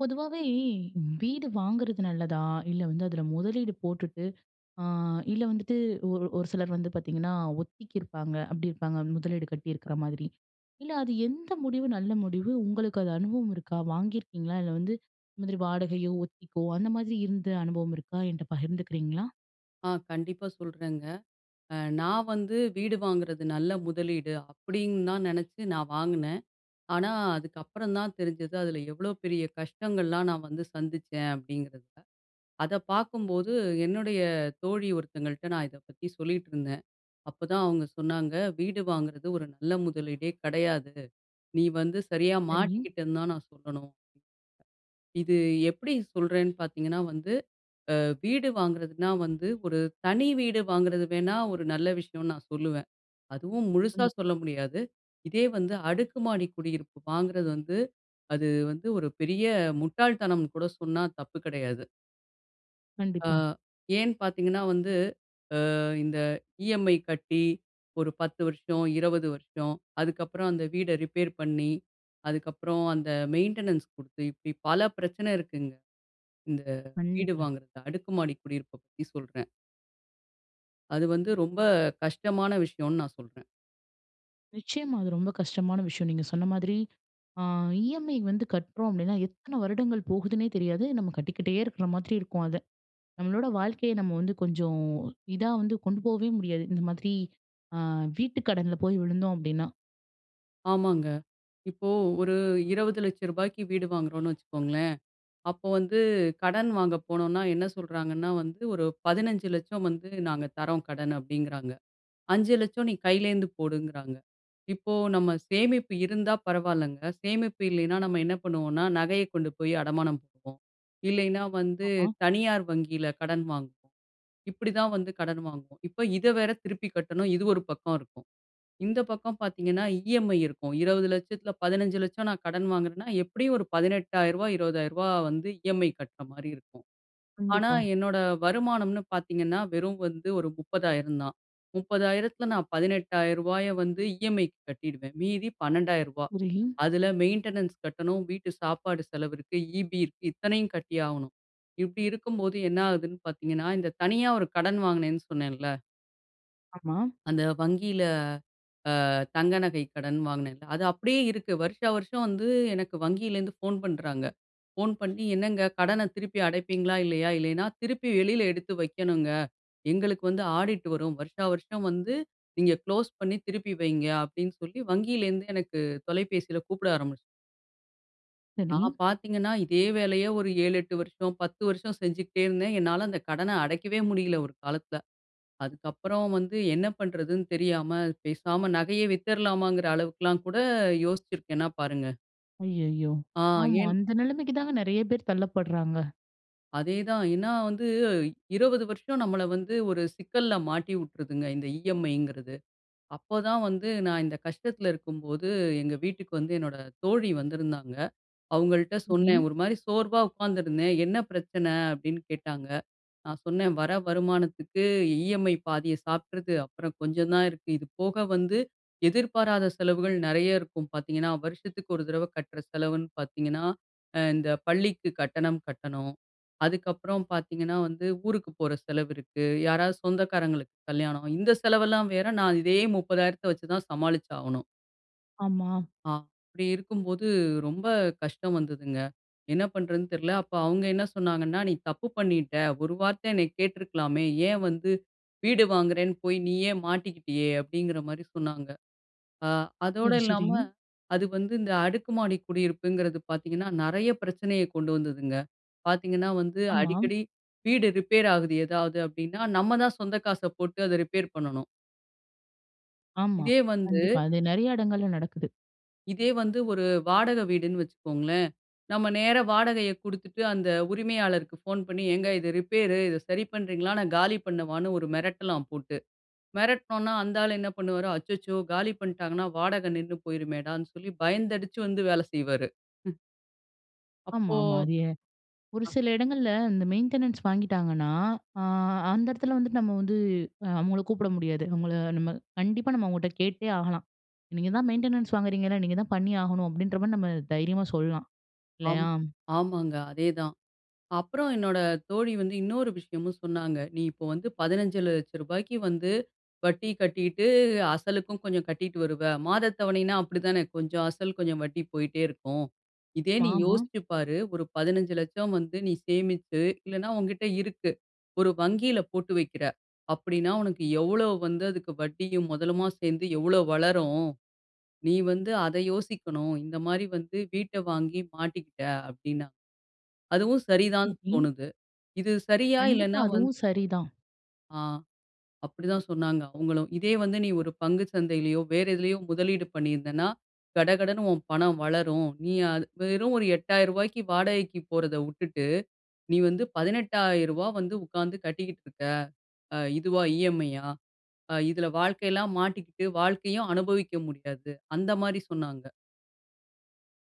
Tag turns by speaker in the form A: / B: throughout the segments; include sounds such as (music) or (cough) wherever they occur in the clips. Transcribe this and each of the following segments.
A: பொதுவாவே, வீடு வாங்குறது நல்லதா? இல்ல வந்து அதுல மொதலீடு போட்டுட்டு, அ இல்ல வந்துட்டு ஒரு ஒரு சிலர் வந்து பார்த்தீங்கன்னா, ஒத்திக்கி இருப்பாங்க. அப்டி இருப்பாங்க முதலீடு கட்டியிருக்ற மாதிரி. இல்ல அது எந்த முடிவு நல்ல முடிவு? உங்களுக்கு அது அனுபவம் இருக்கா? வாங்கியிருக்கீங்களா? இல்ல வந்து இது மாதிரி வாடகையோ, ஒத்திக்கோ அந்த மாதிரி இருந்த அனுபவம் இருக்கா? என்கிட்ட பகிர்ந்துக்கிறீங்களா?
B: ஆ, கண்டிப்பா சொல்றேங்க. அ நான் வந்து வீடு வாங்குறது நல்ல முதலீடு அப்டின்னு தான் நெனச்சு நான் வாங்குனேன். ஆனா, அதுக்கப்புறம் தான் தெரிஞ்சது, அதுல எவ்ளோ பெரிய கஷ்டங்கள்லாம் நான் வந்து சந்திச்சேன் அப்படிங்கிறத. அத பார்க்கும்போது, என்னுடைய தோழி ஒருத்தங்கள்ட்ட நான் இத பத்தி சொல்லிட்டுருந்தேன். அப்பதான் அவங்க சொன்னாங்க, "வீடு வாங்குறது ஒரு நல்ல முதலீடே கெடையாது. நீ வந்து சரியா
A: சரி.
B: மாட்டிக்கிட்டேன்னு தான் நான் சொல்லணும்." இது எப்டி சொல்றேன்னு பார்த்தீங்கன்னா வந்து, அ வீடு வாங்குறதுன்னா வந்து ஒரு தனி வீடு வாங்குறது வேணா ஒரு நல்ல விஷயம்னு நான் சொல்லுவேன். அதுவும் முழுசா
A: ம்.
B: சொல்ல முடியாது. இதே வந்து அடுக்குமாடி குடியிருப்பு வாங்குறது வந்து, அது வந்து ஒரு பெரிய முட்டாள்தனம்னு கூட சொன்னா தப்பு கெடையாது. அ
A: கண்டிப்பா.
B: ஏன்னு பார்த்தீங்கன்னா, வந்து அ இந்த இஎம்ஐ கட்டி ஒரு 10 வருஷம், 20 வருஷம், அதுக்கப்புறம் அந்த வீட ரிப்பேர் பண்ணி. அதுக்கப்புறம், அந்த மெயின்டெனன்ஸ் குடுத்து, இப்டி பல பிரச்சனை இருக்குங்க. இந்த வீடு
A: கண்டிப்பா.
B: வாங்குறது. அடுக்குமாடி குடியிருப்ப பத்தி சொல்றேன். அது வந்து ரொம்ப கஷ்டமான விஷயன்னு நான் சொல்றேன்.
A: நிச்சயமா, அது ரொம்ப கஷ்டமான விஷயம் நீங்க சொன்ன மாதிரி. அ இஎம்ஐ வந்து கட்டுறோம் அப்டின்னா எத்தனை வருடங்கள் போகுதுன்னே தெரியாது, நம்ம கட்டிக்கிட்டே இருக்குற மாதிரி இருக்கும் அத நம்மளோட வாழ்க்கைய நம்ம வந்து கொஞ்சம் இதா வந்து கொண்டு போவே முடியாது. இந்த மாதிரி அ வீட்டு கடன்ல போய் விழுந்தோம் அப்டின்னா.
B: ஆமாங்க. இப்போ ஒரு 2000000ரூபாய்க்கு வீடு வாங்குறோன்ன்னு வச்சுக்கோங்ளேன், அப்போ வந்து கடன் வாங்க போனோன்னா என்ன சொல்றாங்கன்னா வந்து, ஒரு 1500000 வந்து நாங்க தர்றோம் கடன் அப்டிங்றாங்க. 500000 நீ கையிலேருந்து போடுங்கறாங்க. இப்போ நம்ம சேமிப்பு இருந்தா பரவாயில்லங்க. சேமிப்பு இல்லைனா நம்ம என்ன பண்ணுவோம்னா, நகைய கொண்டு போய் அடமானம் வைப்போம், இல்லைனா வந்து
A: ஆமா.
B: தனியார் வங்கியில கடன் வாங்குவோம். இப்டிதான் வந்து கடன் வாங்குவோம். இப்ப இத வேற திருப்பி கட்டணும் இது ஒரு பக்கம் இருக்கும். இந்த பக்கம் பார்த்தீங்கன்னா, இஎம்ஐ இருக்கும். 2000000த்தில 1500000 நான் கடன் வாங்குறன்னா எப்டியும் ஒரு 18000ரூவா 20000ரூவா வந்து இஎம்ஐ கட்ற மாரி இருக்கும். ஆனா
A: கண்டிப்பா.
B: என்னோட வருமானம்னு பார்த்தீங்கன்னா வெறும் வந்து ஒரு 30000 தான். 30000த்துல நான் 18000ரூபாய வந்து இஎம்ஐக்கு கட்டிடுவேன். மீதி 12000ரூபா
A: (unintelligible)
B: அதுல மெயின்டெனன்ஸ் கட்டணும், வீட்டு சாப்பாடு செலவு இருக்கு, இபி இருக்கு இத்தனையும் கட்டியாகணும். இப்டி இருக்கும்போது என்ன ஆகுதுன்னு பார்த்தீங்கன்னா, இந்த தனியா ஒரு கடன் வாங்கினேன்னு சொன்னேன்ல.
A: ஆமா.
B: அந்த வங்கியில அ தங்க நகை கடன் வாங்கினேன்ல, அது அப்படியே இருக்கு. வருஷா வருஷம் வந்து எனக்கு வங்கியிலிருந்து ஃபோன் பண்ணுறாங்க. ஃபோன் பண்ணி, "என்னங்க கடன திருப்பி அடைப்பீங்களா? இல்லையா? இல்லைனா, திருப்பி வெளியில எடுத்து வைக்கணுங்க. எங்களுக்கு வந்து ஆடிட் வரும். வருஷா வருஷம் வந்து நீங்க குளோஸ் பண்ணி திருப்பி வைங்க." அப்படீன்னு சொல்லி வங்கியிலிருந்து எனக்கு தொலைபேசியில கூப்பிட ஆரம்பிச்சி
A: சரி.
B: நான் பார்த்தீங்கன்னா, இதே வேலைய ஒரு 7, 8 வருஷம், 10 வருஷம் செஞ்சுகிட்டே இருந்தேன். என்னால அந்த கடனை அடைக்கவே முடியல ஒரு காலத்தில. அதுக்கப்பறம் வந்து என்ன பண்ணுறதுன்னு தெரியாம, பேசாம நகைய வித்துறலாமாங்கிற அளவுக்குலாம் கூட யோசிச்சிருக்கேன்னா பாருங்க.
A: அய்யய்யோ!
B: ஆ.
A: ஆமா.
B: ஏன்?
A: அந்த நெலைமைக்கு தாங்க நெறைய பேர் தள்ளப்படுறாங்க.
B: அதேதான். ஏன்னா வந்து 20 வருஷம் நம்மல வந்து ஒரு சிக்கல்ல மாட்டி உட்டுருதுங்க இந்த இ.எம்.ஐங்கிறது. அப்போதான் வந்து நான் இந்த கஷ்டத்தில இருக்கும்போது, எங்க வீட்டுக்கு வந்து என்னோட தோழி வந்திருந்தாங்க. அவுங்கள்ட்ட சொன்னேன்.
A: சரி.
B: ஒரு மாரி சோர்வா உட்காந்துருந்தேன். "என்ன பிரச்சனை?" அப்படீன்னு கேட்டாங்க. நான் சொன்னேன், "வர வருமானத்துக்கு இ.எம்.ஐ. பாதிய சாப்ட்டுறுது. அப்பறம் கொஞ்சம் தான் இருக்கு. இது போக வந்து எதிர்பாராத செலவுகள் நெறைய இருக்கும் பார்த்தீங்கன்னா, வருஷத்துக்கு ஒரு தடவ கட்டுற செலவுன்னு பார்த்தீங்கன்னா, அ இந்த பள்ளிக்கு கட்டணம் கட்டணும். அதுக்கப்புறம் பார்த்தீங்கன்னா வந்து, ஊருக்கு போற செலவு இருக்கு. யாராவது சொந்தக்காரங்களுக்கு கல்யாணம், இந்த செலவெல்லாம் வேற நான் இதே 30,000த்தை வச்சு தான் சமாளிச்சு ஆகணும்."
A: ஆமா.
B: ஆ அப்டி இருக்கும்போது ரொம்ப கஷ்டம் வந்ததுங்க. என்ன பண்ணுறதுன்னு தெரில. அப்போ அவங்க என்ன சொன்னாங்கன்னா, "நீ தப்பு பண்ணிட்ட. ஒரு வார்த்தை என்னை கேட்டுருக்கலாமே, ஏன் வந்து வீடு வாங்குறேன்னு போய் நீயே மாட்டிக்கிட்டியே!"அப்படிங்கிற மாரி சொன்னாங்க. அ அதோட
A: சரி சரி.
B: இல்லாம, அது வந்து இந்த அடுக்கு மாடி குடியிருப்புங்கிறது பார்த்தீங்கன்னா, நிறைய பிரச்சனையை கொண்டு வந்ததுங்க. பார்த்தீங்கன்னா வந்து
A: ஆமா.
B: அடிக்கடி வீடு ரிப்பேர் ஆகுது ஏதாவது அப்படின்னா, நம்ம தான் சொந்த காச போட்டு அத ரிப்பேர் பண்ணணும்.
A: ஆமா.
B: இதே வந்து
A: கண்டிப்பா, அது நிறைய இடங்கள்ல நடக்குது.
B: இதே வந்து ஒரு வாடகை வீடுன்னு வச்சுக்கோங்களேன். நம்ம நேரா வாடகையை கொடுத்துட்டு, அந்த உரிமையாளருக்கு ஃபோன் பண்ணி ஏங்க இத ரிப்பேர்- இத சரி பண்றீங்களா? நான் காலி பண்ணவான்னு ஒரு மிரட்டலாம் போட்டு. மெரட்னோம்னா அந்த ஆள் என்ன பண்ணுவார். அச்சச்சோ! காலி பண்ணீட்டாங்கன்னா வாடகை நின்னு போயிருமேடான்னு சொல்லி, பயந்தடிச்சு வந்து வேலை செய்வாரு. (chuckles)
A: ஆமா,
B: அப்போ,
A: ஆமாங்க. அது எ ஒரு
B: ஆ.
A: சில இடங்கள்ல இந்த மெயின்டெனன்ஸ் வாங்கீட்டாங்கன்னா, அ அந்த இடத்துல வந்துட்டு நம்ம வந்து அவங்கள கூப்பிட முடியாது. அவங்கள நம்ம கண்டிப்பா நம்ம அவங்கட்ட கேட்டே ஆகலாம். நீங்க தான் மெயின்டெனன்ஸ் வாங்குறீங்கல. நீங்க தான் பண்ணி ஆகணும். அப்டின்ற மாதிரி நம்ம தைரியமா சொல்லலாம்.
B: ஆம்
A: இல்லையா?
B: ஆமாங்க, அதேதான். அப்புறம் என்னோட தோழி வந்து இன்னொரு விஷயமும் சொன்னாங்க, "நீ இப்போ வந்து பதினஞ்சு லட்ச ரூபாய்க்கு வந்து வட்டி கட்டீட்டு, அசலுக்கும் கொஞ்சம் கட்டிட்டு வருவ." மாத தவணைன்னா, அப்படித்தானே கொஞ்சம் அசல், கொஞ்சம் வட்டி போய்ட்டே இருக்கும். இதே "நீ
A: ஆமா.
B: யோசிச்சு பாரு. ஒரு பதினைந்து லட்சம் வந்து நீ சேமிச்சு இல்லனா உன்கிட்ட இருக்கு, ஒரு வங்கியில போட்டு வக்கிற அப்படின்னா, உனக்கு எவ்ளோ வந்து அதுக்கு வட்டியும் மொதலுமா சேர்ந்து எவ்ளோ வளரும். நீ வந்து அத யோசிக்கணும். இந்த மாதிரி வந்து வீட்ட வாங்கி மாட்டிக்கிட்ட." அப்படினா. அதுவும் சரிதான்
A: ஓகே.
B: தோணுது. இது சரியா?
A: கண்டிப்பா,
B: இல்லைன்னா வந்து
A: அதுவும் சரிதான்.
B: ஆ அப்படி தான் சொன்னாங்க அவங்களும். "இதே வந்து, நீ ஒரு பங்கு சந்தையிலேயோ, வேற எதிலயோ முதலீடு பண்ணியிருந்தன்னா, கடகடன்னு உன் பணம் வளரும். நீ அது வெறும் ஒரு ரூ.8000க்கு வாடகைக்கு போறத விட்டுட்டு. நீ வந்து ரூ.18000 வந்து உட்காந்து கட்டிக்கிட்டு இருக்க, அ இதுவா இ.எம்.ஐ.யா. அ இதில வாழ்க்கையெல்லாம் மாட்டிக்கிட்டு, வாழ்க்கையும் அனுபவிக்க முடியாது." அந்த மாதிரி சொன்னாங்க.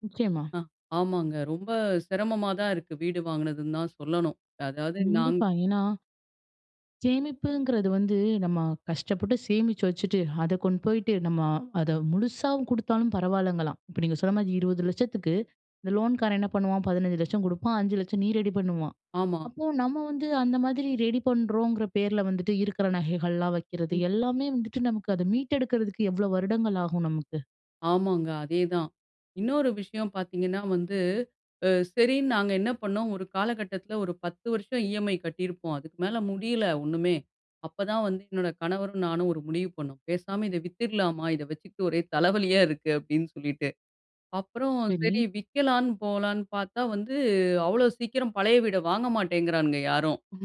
A: நிச்சயமா.
B: ஆ, ஆமாங்க ரொம்ப சிரமமா தான் இருக்கு. வீடு வாங்கினதுன்னு தான் சொல்லணும். அதாவது நாங்
A: கண்டிப்பா. ஏன்னா சேமிப்புங்கிறது வந்து நம்ம கஷ்டப்பட்டு சேமிச்சு வச்சுட்டு, அத கொண்டு போயிட்டு, நம்ம அத முழுசாவும் கொடுத்தாலும் பரவாயில்லங்கலாம். இப்போ நீங்க சொன்ன மாதிரி, 20,00,000 க்கு இந்த லோன்காரன் என்ன பண்ணுவான், 15,00,000 கொடுப்பான், 5,00,000 நீ ரெடி பண்ணும்பான்.
B: ஆமா,
A: அப்போ நம்ம வந்து அந்த மாதிரி ரெடி பண்றோங்கிற பேர்ல வந்துட்டு, இருக்கிற நகைகள்லாம் வைக்கிறது,
B: ம்.
A: எல்லாமே வந்துட்டு நமக்கு அதை மீட்டெடுக்கிறதுக்கு எவ்ளோ வருடங்கள் ஆகும் நமக்கு?
B: ஆமாங்க, அதேதான். இன்னொரு விஷயம் பார்த்தீங்கன்னா வந்து, அ சரின்னு நாங்க என்ன பண்ணோம், ஒரு காலகட்டத்தில ஒரு 10 வருஷம் இ.எம்.ஐ கட்டியிருப்போம், அதுக்கு மேலே முடியல ஒன்னுமே. அப்போதான் வந்து என்னோட கணவரும் நானும் ஒரு முடிவு பண்ணோம். "பேசாம இத வித்துடலாமா? இதை வச்சிட்டு ஒரே தலைவலியா இருக்கு." அப்படின்னு சொல்லிட்டு. அப்புறம் சரி
A: சரி.
B: விக்கலான்னு போலான்னு பார்த்தா வந்து, அவ்ளோ சீக்கிரம் பழைய வீட வாங்க மாட்டேங்கிறானுங்க யாரும். ம்,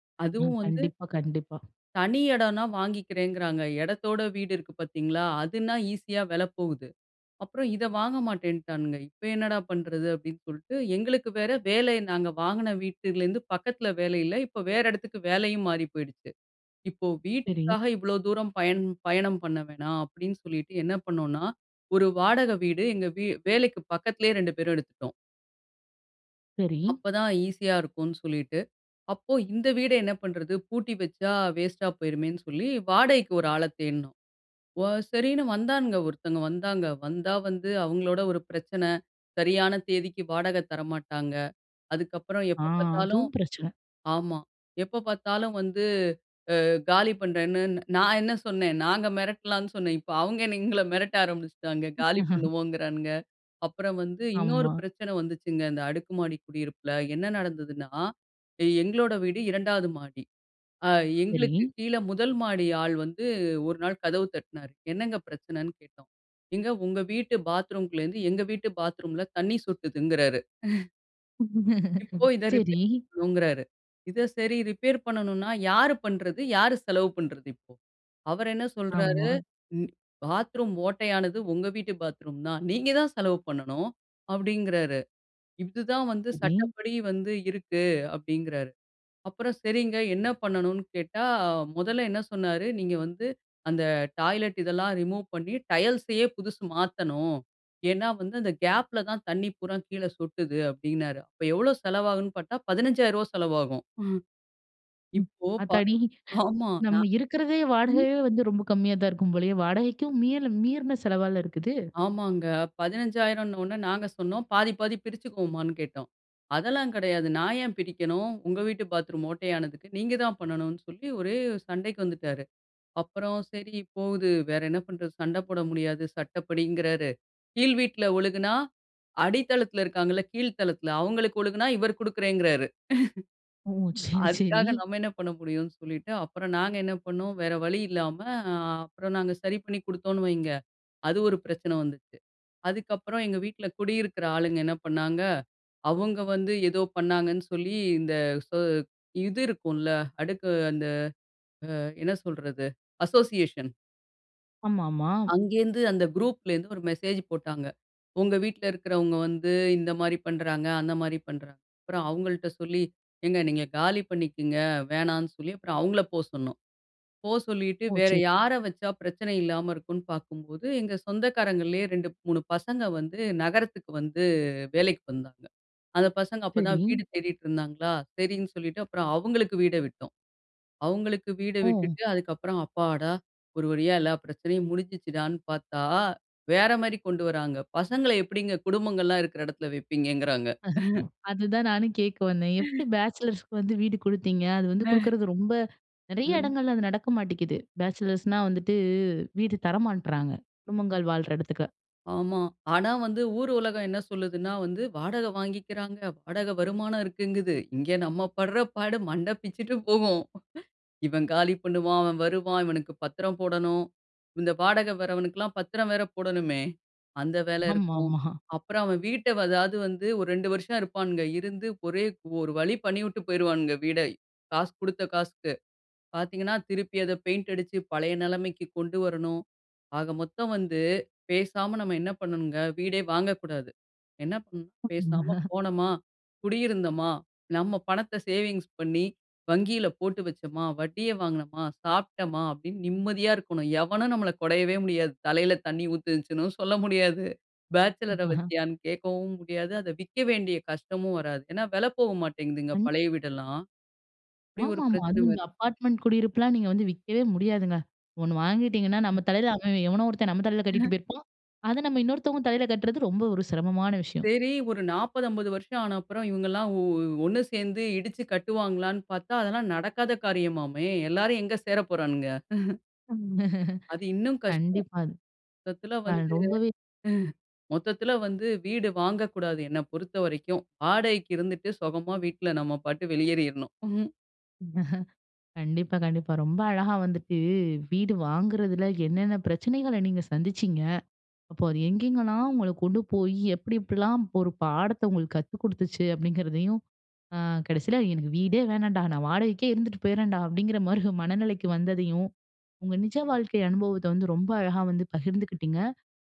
B: ம்.
A: ம், ம்.
B: அதுவும் வந்து
A: கண்டிப்பா, கண்டிப்பா.
B: தனி இடன்னா வாங்கிக்கிறேங்கிறாங்க. இடத்தோட வீடு இருக்கு பார்த்தீங்களா, அதுனா ஈஸியா விலை போகுது. அப்புறம் இதை வாங்க மாட்டேன்னுட்டானுங்க. இப்போ என்னடா பண்ணுறது? அப்படின்னு சொல்லிட்டு, எங்களுக்கு வேற வேலை நாங்க வாங்கின வீட்டுலேருந்து பக்கத்தில வேலை இல்ல. இப்போ வேற இடத்துக்கு வேலையும் மாறி போயிடுச்சு. "இப்போ
A: சரி.
B: வீட்டுக்காக இவ்ளோ தூரம் பயண் பயணம் பண்ண வேணாம்" அப்படின்னு சொல்லிட்டு, என்ன பண்ணோம்னா, ஒரு வாடகை வீடு, எங்க வீ வேலைக்கு பக்கத்திலயே ரெண்டு பேரும் எடுத்துட்டோம்.
A: சரி.
B: அப்ப தான் ஈஸியா இருக்கும்னு சொல்லிட்டு. அப்போ இந்த வீட என்ன பண்றது? பூட்டி வச்சா வேஸ்ட்டா போயிருமேன்னு சொல்லி, வாடகைக்கு ஒரு ஆள தேடுனோம், வ சரின்னு வந்தானுங்க. ஒருத்தங்க வந்தாங்க. வந்தா, வந்து அவங்களோட ஒரு பிரச்சன, சரியான தேதிக்கு வாடக தரமாட்டாங்க. அதுக்கப்பறம்
A: ஆ
B: எப்ப பாத்தாலும்
A: அதுவும் பிரச்சன.
B: ஆமா. எப்போ பார்த்தாலும் வந்து அ காலி பண்றேன்னு நான் என்ன சொன்னே, நாங்க மெரட்டலான்னு சொன்னேன். இப்போ அவுங்க என்ன எங்கள மெரட்ட ஆரம்பிச்சிட்டாங்க. காலி
A: (chuckles)
B: பண்ணுவோங்குறானுங்க. அப்பறம் வந்து இன்னொரு
A: ஆமா.
B: பிரச்சன வந்துச்சுங்க, இந்த அடுக்கு மாடி குடியிருப்புல என்ன நடந்ததுன்னா, எங்களோட வீடு 2வது மாடி, அ
A: சரி.
B: எங்களுக்கு கீழ 1 மாடி ஆள் வந்து ஒரு நாள் கதவு தட்னாரு, என்னங்க பிரச்சனைன்னு கேட்டோம்? ஏங்க உங்க வீட்டு பாத்ரூமுக்குள்ளருந்து எங்க வீட்டு பாத்ரூம்ல தண்ணி சொட்டுதுங்கிறாரு. (chuckles) இப்போ
A: (laughs)
B: இத
A: சரி.
B: ரிப்பேர் பண்ணணுங்றாரு. இத சரி ரிப்பேர் பண்ணணுன்னா யாரு பண்றது? யாரு செலவு பண்றது? இப்போ, அவர் என்ன சொல்றாரு?
A: ஆமா.
B: ம் "பாத்ரூம் ஓட்டையானது, உங்க வீட்டு பாத்ரூம் தான். நீங்க தான் செலவு பண்ணணும்", அப்டிங்றாரு. இது தான் வந்து
A: சரி.
B: சட்டப்படி வந்து இருக்கு, அப்படிங்றாரு. அப்பறம், "சரிங்க, என்ன பண்ணணும்னு?" கேட்டா, முதல்ல என்ன சொன்னாரு, "நீங்க வந்து அந்த டாய்லட் இதெல்லாம் ரிமூவ் பண்ணி, டைல்ஸையே புதுசு மாத்தணும், ஏன்னா வந்து அந்த கேப்ல தான் தண்ணி பூரா கீழ சொட்டுது", அப்டின்னாரு அப்போ எவ்ளோ செலவாகும்ன்னு பாத்தா 15,000 ரூபாய் செலவாகும். ம்,
A: ம்.
B: இப்போ பா
A: ஆத்தாடி! (chuckles)
B: ஆமா
A: நம்ம
B: நான்
A: இருக்குறதே
B: ம்.
A: வாடகையே வந்து, ரொம்ப கம்மியா தான் இருக்கும் போலயே வாடகைக்கும் மீ-மீறுன செலவால இருக்குது!
B: ஆமாங்க. 15,000 ன்ன உடனே நாங்க சொன்னோம் பாதி, பாதி பிரிச்சுக்குவோமான்னு கேட்டோம். "அதெல்லாம் கெடயாது நான் ஏன் பிரிக்கணும்? உங்க வீட்டு பாத்ரூம் ஓட்டையானதுக்கு நீங்க தான் பண்ணணும்னு", சொல்லி ஒரே சண்டைக்கு வந்துடாரு. அப்பறம், சரி போது வேற என்ன பண்றது? சண்ட போட முடியாது, சட்டப்படிங்கறாரு. கீழ் வீட்ல ஒழுகுனா, அடித்தளத்துல இருக்காங்கல்ல, கீழ் தளத்துல அவுங்களுக்கு ஒழுகுனா, இவரு கொடுக்குறேங்றாரு.
A: ஓ! சரி,
B: (chuckles)
A: சரி.
B: அதுக்காக நம்ம என்ன பண்ண முடியும்னு, சொல்லிட்டு அப்பறம் நாங்க என்ன பண்ணோம் வேற வழி இல்லாம ஆ அப்றம் நாங்க சரி பண்ணி கொடுத்தோனு வைங்க. அது ஒரு பிரச்சன வந்துச்சு. அதுக்கப்றம் எங்க வீட்ல குடியிருக்குற ஆளுங்க என்ன பண்ணாங்க, அவுங்க வந்து ஏதோ பண்ணாங்கன்னு சொல்லி, இந்த ஸொ இது இருக்கும்ல, அடுக்கு அ-அந்த அ என்ன சொல்றது? அசோசியேஷன்
A: ஆமாமா.
B: அங்கேந்து, அந்த குரூப்லேருந்து ஒரு மெசேஜ் போட்டாங்க. உங்க வீட்ல இருக்கிறவங்க வந்து, இந்த மாரி பண்ணுறாங்க, அந்த மாரி பண்றாங்க. அப்புறம் அவங்கள்ட்ட சொல்லி, ஏங்க நீங்க காலி பண்ணிக்கங்க. வேணானு சொல்லி, அப்புறம் அவங்கள போ சொன்னோம். போ சொல்லிட்டு,
A: ஓ!
B: வேற
A: சே
B: யார வச்சா பிரச்சனை இல்லாம இருக்குன்னு பார்க்கும்போது, எங்க சொந்தக்காரங்களிலேயே 2, 3 பசங்க வந்து, நகரத்துக்கு வந்து வேலைக்கு வந்தாங்க. அந்த பசங்க அப்ப
A: சரி.
B: தான் வீடு தேடிட்டு இருந்தாங்களா, சரின்னு சொல்லிட்டு அப்புறம் அவங்களுக்கு வீட விட்டோம். அவங்களுக்கு வீட
A: ம்.
B: விட்டுட்டு, அதுக்கப்புறம் அப்பாடா, ஒரு வழியா எல்லா பிரச்சனையும் முடுஞ்சுச்சுடானு பார்த்தா, வேற மாரி கொண்டு வர்ராங்க. பசங்கள எப்படிங்க குடும்பங்கள்லா இருக்குற இடத்தில வப்பீங்கங்றாங்க. (chuckles)
A: அதுதான், நானும் கேட்க வந்தேன். எப்படி
B: (chuckles)
A: பேச்சுலர்ஸுக்கு வந்து வீடு கொடுத்தீங்க? அது வந்து
B: (chuckles)
A: கொடுக்குறது ரொம்ப, நெறைய
B: ம்.
A: இடங்கள்ல அது நடக்க மாட்டேங்குது. பேச்சுலர்ஸ்னா வந்துட்டு, வீடு தர மாட்றாங்க. குடும்பங்கள் வாழ்ற இடத்துக்கு.
B: ஆமா. ஆனா வந்து, ஊர் உலகம் என்ன சொல்லுதுனா வந்து, வாடகை வாங்கிக்கிறாங்க. வாடகை வருமானம் இருக்குங்குது. இங்க, நம்ம படுற பாடு, மண்ட பிச்சுட்டு போகும். இவன் காலி பண்ணுவான். அவன் வருவான். இவனுக்கு பத்திரம் போடணும். இந்த வாடகை வர்றவனுக்குலாம் பத்திரம் வேற போடணுமே. அந்த வேல இருக்கும்.
A: ஆமாமா.
B: அப்புறம் அவன் வீட்டை, அதாவது வந்து ஒரு 2 வருஷம் இருப்பானுங்க. இருந்து ஒரே ஒரு வழி பண்ணிவிட்டு போயிருவானுங்க வீட, காசு குடுத்த காசுக்கு. பாத்தீங்கன்னா, திருப்பி அதை பெயிண்ட் அடிச்சு பழைய நிலைமைக்கு கொண்டு வரணும். ஆக மொத்தம் வந்து பேசாம நம்ம, என்ன பண்ணணுங்க வீடே வாங்கக்கூடாது. என்ன பண்ணோம் பேசாம
A: (laughs)
B: போனமா, குடியிருந்தமா, நம்ம பணத்தை சேவிங்ஸ் பண்ணி, வங்கியில போட்டு வச்சோமா. வட்டியை வாங்கினமா, சாப்பிட்டமா, அப்படின்னு நிம்மதியா இருக்கணும். எவனும் நம்மள கொடையவே முடியாது. தலையில தண்ணீ ஊத்திரிச்சுன்னு சொல்ல முடியாது. பேச்சலரை
A: (laughs)
B: வச்சியான்னு கேட்கவும் முடியாது. அத விக்க வேண்டிய கஷ்டமும் வராது ஏன்னா, விலை போக மாட்டேங்குதுங்க,
A: ம்.
B: பழைய வீடெல்லாம். அப்படி ஒரு
A: ஆமாமா.
B: பிரச்சனை
A: அதுவும்,
B: வருது.
A: இந்த அப்பார்ட்மெண்ட் குடியிருப்புலாம், நீங்க வந்து விக்கவே முடியாதுங்க. 1 வாங்கிட்டீங்கன்னா, நம்ம தலையில அவன், எவனோ ஒருத்தன் நம்ம தலையில கட்டிட்டு
B: (laughs)
A: போயிருப்பான். அத நம்ம இன்னொருத்தவங்க தலையில கட்டுறது, ரொம்ப ஒரு சிரமமான விஷயம்.
B: சேரி, ஒரு 40, 50 வருஷம் ஆன அப்புறம் இவங்க எல்லாம், ஒ ஒண்ணு சேர்ந்து இடிச்சு கட்டுவாங்களானு பார்த்தா, அதெல்லாம் நடக்காத காரியமாமே. எல்லாரு எங்க சேரப் போறானுங்க. (chuckles) அது
A: (chuckles)
B: இன்னும் கஷ்டம்.
A: கண்டிப்பா, அது.
B: மொத்தத்தில வந்து
A: நான் ரொம்பவே
B: (chuckles) மொத்தத்தில வந்து வீடு வாங்கக்கூடாது. என்ன பொறுத்த வரைக்கும். வாடகைக்கு இருந்துட்டு சுகமா வீட்ல நம்ம பாட்டுக்கு வெளியேறிருணும். (chuckles)
A: (chuckles) கண்டிப்பா. கண்டிப்பா. ரொம்ப அழகா வந்துட்டு, வீடு வாங்குறதில, என்னென்ன பிரச்சனைகளை நீங்க சந்திச்சீங்க. அப்ப, அது எங்கெங்கலாம் உங்கள கொண்டு போய், எப்படி எப்படிலாம் ஒரு பாடத்தை உங்களுக்கு கத்து குடுத்துச்சு அப்படிங்கிறதையும், அ, கடைசியில எனக்கு வீடே வேணாண்டா. நான் வாடகைக்கே இருந்துட்டு போயிறேன்டா. அப்படிங்கிற மாரி, மனநிலைக்கு வந்ததையும், உங்க நிஜ வாழ்க்கை அனுபவத்தை வந்து, ரொம்ப அழகா வந்து, பகிர்ந்துக்கிட்டிங்க.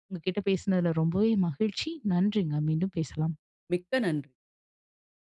A: உங்க கிட்ட பேசினதில ரொம்பவே மகிழ்ச்சி. நன்றிங்க. மீண்டும் பேசலாம்.
B: மிக்க நன்றி.